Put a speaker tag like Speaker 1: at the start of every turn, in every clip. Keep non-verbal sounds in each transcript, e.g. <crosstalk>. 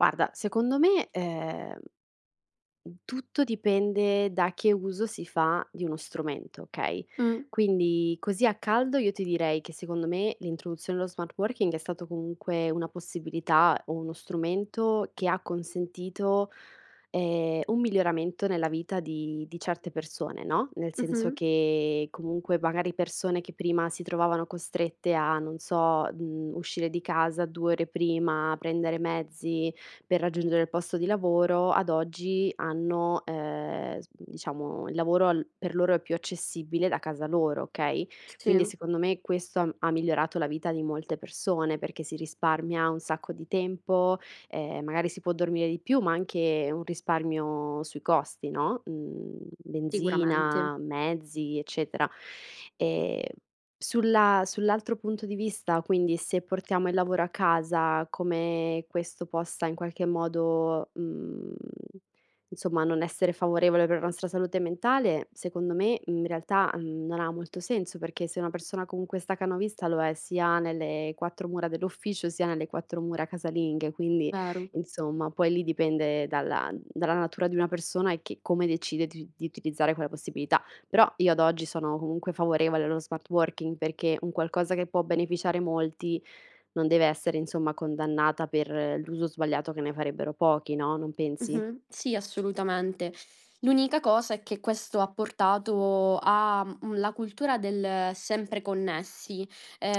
Speaker 1: Guarda, secondo me ehm m tutto dipende da che uso si fa di uno strumento, okay,
Speaker 2: Mh.
Speaker 1: quindi così a caldo io ti direi che secondo me l'introduzione dello smart working è stato comunque una possibilità o uno strumento che ha consentito, ehm, un miglioramento nella vita di di certe persone, no, nel senso
Speaker 2: Mh-mh.
Speaker 1: che comunque magari persone che prima si trovavano costrette a non so mhmm, uscire di casa 2 ore prima, prendere mezzi per raggiungere il posto di lavoro, ad oggi hanno ehm s diciamo il lavoro al per loro è più accessibile da casa loro, okay,
Speaker 2: T
Speaker 1: quindi
Speaker 2: sì
Speaker 1: secondo me questo ha m ha migliorato la vita di molte persone, perché si risparmia un sacco di tempo, ehm, magari si può dormire di più, ma anche un risparmio sui costi, no, mhmm
Speaker 2: Sicuramente.
Speaker 1: benzina, mezzi, eccetera. Ehm sulla sull'altro punto di vista, quindi, se portiamo il lavoro a casa, come questo possa in qualche modo, mhmm insomma, non essere favorevole per la nostra salute mentale, secondo me, in realtà, mhmm non ha molto senso, perché se una persona comunque è stacanovista lo è sia nelle 4 mura dell'ufficio, sia nelle 4 mura casalinghe, quindi
Speaker 2: Vero.
Speaker 1: insomma, poi lì dipende dalla dalla natura di una persona e che come decide di di utilizzare quella possibilità. Però io ad oggi sono comunque favorevole allo smart working, perché un qualcosa che può beneficiare molti non deve essere insomma condannata per l'uso sbagliato che ne farebbero pochi, no, non pensi?
Speaker 2: Mh-mh sì, assolutamente. L'unica cosa è che questo ha portato a mhmm, la cultura del sempre connessi,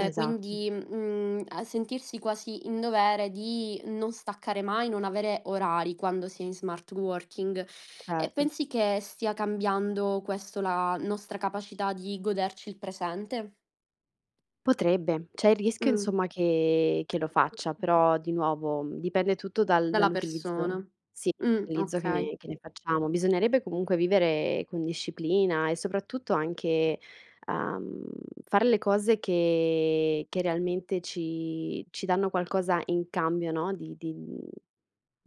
Speaker 1: <clicks tongue> Esatto.
Speaker 2: quindi mhmm a sentirsi quasi in dovere di non staccare mai, non avere orari quando si è in smart working. E
Speaker 1: Certo.
Speaker 2: pensi che stia cambiando, questo, la nostra capacità di goderci il presente?
Speaker 1: Potrebbe. C'è il rischio,
Speaker 2: Mh.
Speaker 1: insomma, che che lo faccia. Però, di nuovo, dipende tutto dal
Speaker 2: Dalla
Speaker 1: dall'utilizzo
Speaker 2: persona.
Speaker 1: sì,
Speaker 2: Mh,
Speaker 1: l'utilizzo che
Speaker 2: okay.
Speaker 1: ne che ne facciamo. Bisognerebbe comunque vivere con disciplina e soprattutto anche, uhm, fare le cose che che realmente ci ci danno qualcosa in cambio, no, di di mhmm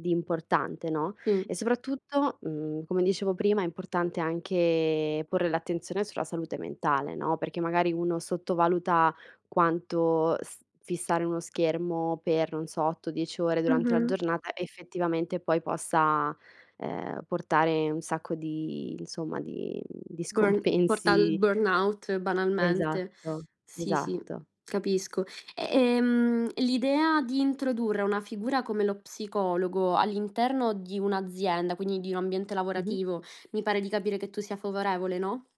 Speaker 1: di importante, no,
Speaker 2: Mh.
Speaker 1: e soprattutto, mhmm come dicevo prima, è importante anche porre l'attenzione sulla salute mentale, no, perché magari uno sottovaluta quanto st fissare uno schermo per, non so, 8-10 ore durante la
Speaker 2: Mh-mh.
Speaker 1: giornata effettivamente poi possa, uhm, portare un sacco di, insomma, di di
Speaker 2: <unintelligible> porta al
Speaker 1: scompensi
Speaker 2: burnout banalmente.
Speaker 1: Esatto,
Speaker 2: Sì, sì,
Speaker 1: esatto.
Speaker 2: capisco. E ehm, l'idea di introdurre una figura come lo psicologo all'interno di un'azienda, quindi di un ambiente
Speaker 1: Mh-mh.
Speaker 2: lavorativo, mi pare di capire che tu sia favorevole, no?